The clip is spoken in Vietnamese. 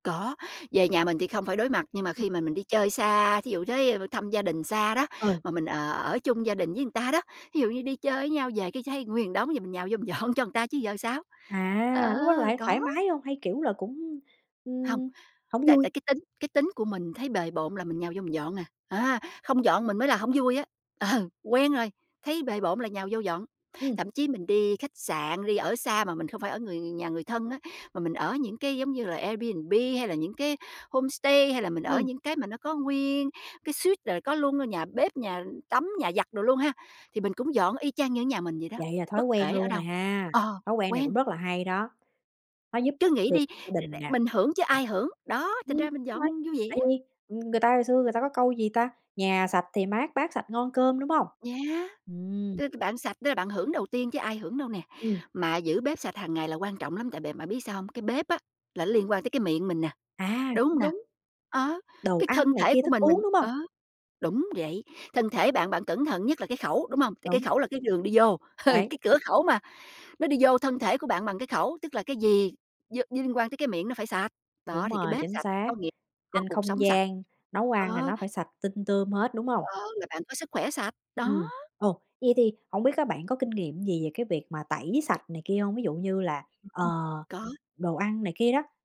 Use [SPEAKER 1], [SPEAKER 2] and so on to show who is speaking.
[SPEAKER 1] Có, về nhà mình thì không phải đối mặt, nhưng mà
[SPEAKER 2] Ừm.
[SPEAKER 1] khi mà mình đi chơi xa, thí dụ tới b thăm gia đình xa đó,
[SPEAKER 2] Ờ.
[SPEAKER 1] mà mình, ờ, ở chung gia đình với người ta đó, thí dụ như đi chơi với nhau về cái thấy nguyên đống, giờ mình nhào vô mình dọn cho người ta chứ giờ sao? Ờ,
[SPEAKER 2] À, lúc đó lại
[SPEAKER 1] có.
[SPEAKER 2] thoải mái hông hay, kiểu là, cũng,
[SPEAKER 1] Hông.
[SPEAKER 2] ừm, hổng
[SPEAKER 1] Tại tại
[SPEAKER 2] vui?
[SPEAKER 1] cái tính cái tính của mình thấy bề bộn là mình nhào vô mình dọn à. À, không dọn mình mới là hông vui á. Ờ, quen rồi, thấy bề bộn là nhào vô dọn.
[SPEAKER 2] Ừm.
[SPEAKER 1] Thậm chí mình đi khách sạn, đi ở xa mà mình không phải ở người nhà người thân á, mà mình ở những cái giống như là Airbnb hay là những cái homestay hay là mình ở
[SPEAKER 2] Ừm.
[SPEAKER 1] những cái mà nó có nguyên cái suite là có luôn nhà bếp, nhà tắm, nhà giặt đồ luôn ha, thì mình cũng dọn y chang như ở nhà mình vậy đó.
[SPEAKER 2] Vậy là thói
[SPEAKER 1] Bất
[SPEAKER 2] quen
[SPEAKER 1] kể ở
[SPEAKER 2] luôn
[SPEAKER 1] đâu.
[SPEAKER 2] rồi ha.
[SPEAKER 1] Ờ,
[SPEAKER 2] Thói quen này
[SPEAKER 1] quen.
[SPEAKER 2] cũng rất là hay đó, nó giúp
[SPEAKER 1] Cứ
[SPEAKER 2] ích
[SPEAKER 1] nghĩ
[SPEAKER 2] được
[SPEAKER 1] đi,
[SPEAKER 2] gia đình
[SPEAKER 1] [unintelligible]
[SPEAKER 2] nè.
[SPEAKER 1] mình hưởng chứ ai
[SPEAKER 2] [unintelligible]
[SPEAKER 1] hưởng, đó, thành
[SPEAKER 2] Ừm,
[SPEAKER 1] ra mình
[SPEAKER 2] đúng
[SPEAKER 1] dọn
[SPEAKER 2] rồi.
[SPEAKER 1] vui vẻ.
[SPEAKER 2] Tại vì, ừm, người ta hồi xưa người ta có câu, gì ta, "Nhà sạch thì mát, bát sạch ngon cơm", đúng hông?
[SPEAKER 1] Yeah!
[SPEAKER 2] Ừm.
[SPEAKER 1] Tức bạn sạch tức là bạn hưởng đầu tiên chứ ai hưởng đâu nè.
[SPEAKER 2] Ừm.
[SPEAKER 1] Mà giữ bếp sạch hàng ngày là quan trọng lắm, tại bạn bạn biết sao hông? Cái bếp á là nó liên quan tới cái miệng mình nè,
[SPEAKER 2] À,
[SPEAKER 1] đúng hông
[SPEAKER 2] cũng
[SPEAKER 1] nè?
[SPEAKER 2] đúng.
[SPEAKER 1] Á,
[SPEAKER 2] Đồ
[SPEAKER 1] cái thân
[SPEAKER 2] ăn này
[SPEAKER 1] thể
[SPEAKER 2] kia,
[SPEAKER 1] của
[SPEAKER 2] thức
[SPEAKER 1] mình,
[SPEAKER 2] uống,
[SPEAKER 1] mình
[SPEAKER 2] đúng hông?
[SPEAKER 1] ờ, đúng vậy. Thân thể bạn bạn cẩn thận nhất là cái khẩu, đúng hông? Tại cái
[SPEAKER 2] Đúng.
[SPEAKER 1] khẩu là cái đường đi vô,
[SPEAKER 2] Đấy.
[SPEAKER 1] cái cửa khẩu mà. Nó đi vô thân thể của bạn bằng cái khẩu, tức là cái gì vô như liên quan tới cái miệng nó phải sạch. Đó,
[SPEAKER 2] Đúng
[SPEAKER 1] thì cái
[SPEAKER 2] rồi,
[SPEAKER 1] bếp
[SPEAKER 2] chính
[SPEAKER 1] sạch,
[SPEAKER 2] xác.
[SPEAKER 1] có nghĩa có
[SPEAKER 2] Trên
[SPEAKER 1] cuộc
[SPEAKER 2] không
[SPEAKER 1] sống sạch.
[SPEAKER 2] gian nấu ăn là
[SPEAKER 1] Ờ.
[SPEAKER 2] nó phải sạch tinh tươm hết, đúng hông?
[SPEAKER 1] Ờ, là bạn có sức khỏe sạch. Đó!
[SPEAKER 2] Ừm. Ồ, vậy thì hổng biết á, bạn có kinh nghiệm gì về cái việc mà tẩy sạch này kia hông, ví dụ như là, ờ,
[SPEAKER 1] [unintelligible] Có.
[SPEAKER 2] đồ ăn này kia đó?